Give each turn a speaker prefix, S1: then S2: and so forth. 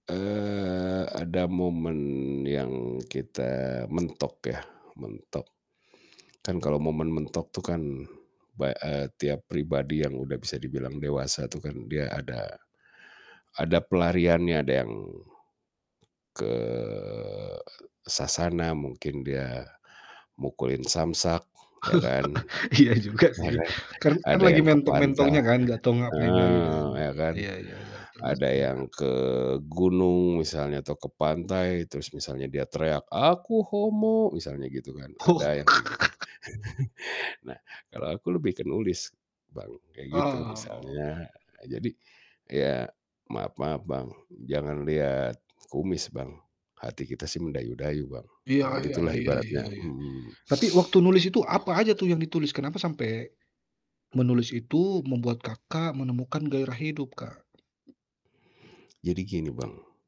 S1: Eee, ada momen yang kita mentok ya, mentok. Kan kalau momen mentok itu kan, ba eee, tiap pribadi yang udah bisa dibilang dewasa itu kan, dia ada ada pelariannya, ada yang ke, eee, sasana mungkin dia mukulin samsak, ya kan?
S2: Iya juga
S1: Bahkan,
S2: sih kan kan
S1: ada
S2: lagi
S1: yang ke pantai.
S2: mentok-mentoknya kan nggak tahu ngapain lagi kan.
S1: Heeh, ya kan?
S2: Iya ya terus
S1: Ada
S2: ya
S1: yang ke gunung misalnya atau ke pantai terus misalnya dia teriak "Aku homo," misalnya gitu kan,
S2: Oh.
S1: ada yang kayak gitu. Nah, kalau aku lebih ke nulis Bang, kayak gitu
S2: Oh.
S1: misalnya jadi ya maaf-maaf Bang jangan lihat kumis Bang, hati kita sih mendayu-dayu Bang,
S2: Iya
S1: ah
S2: iya
S1: gitulah
S2: iya iya
S1: ibaratnya,
S2: iya.
S1: mhm.
S2: Tapi waktu nulis itu apa aja tuh yang ditulis kenapa sampe, menulis itu membuat Kakak menemukan gairah hidup Kak?
S1: Jadi gini Bang.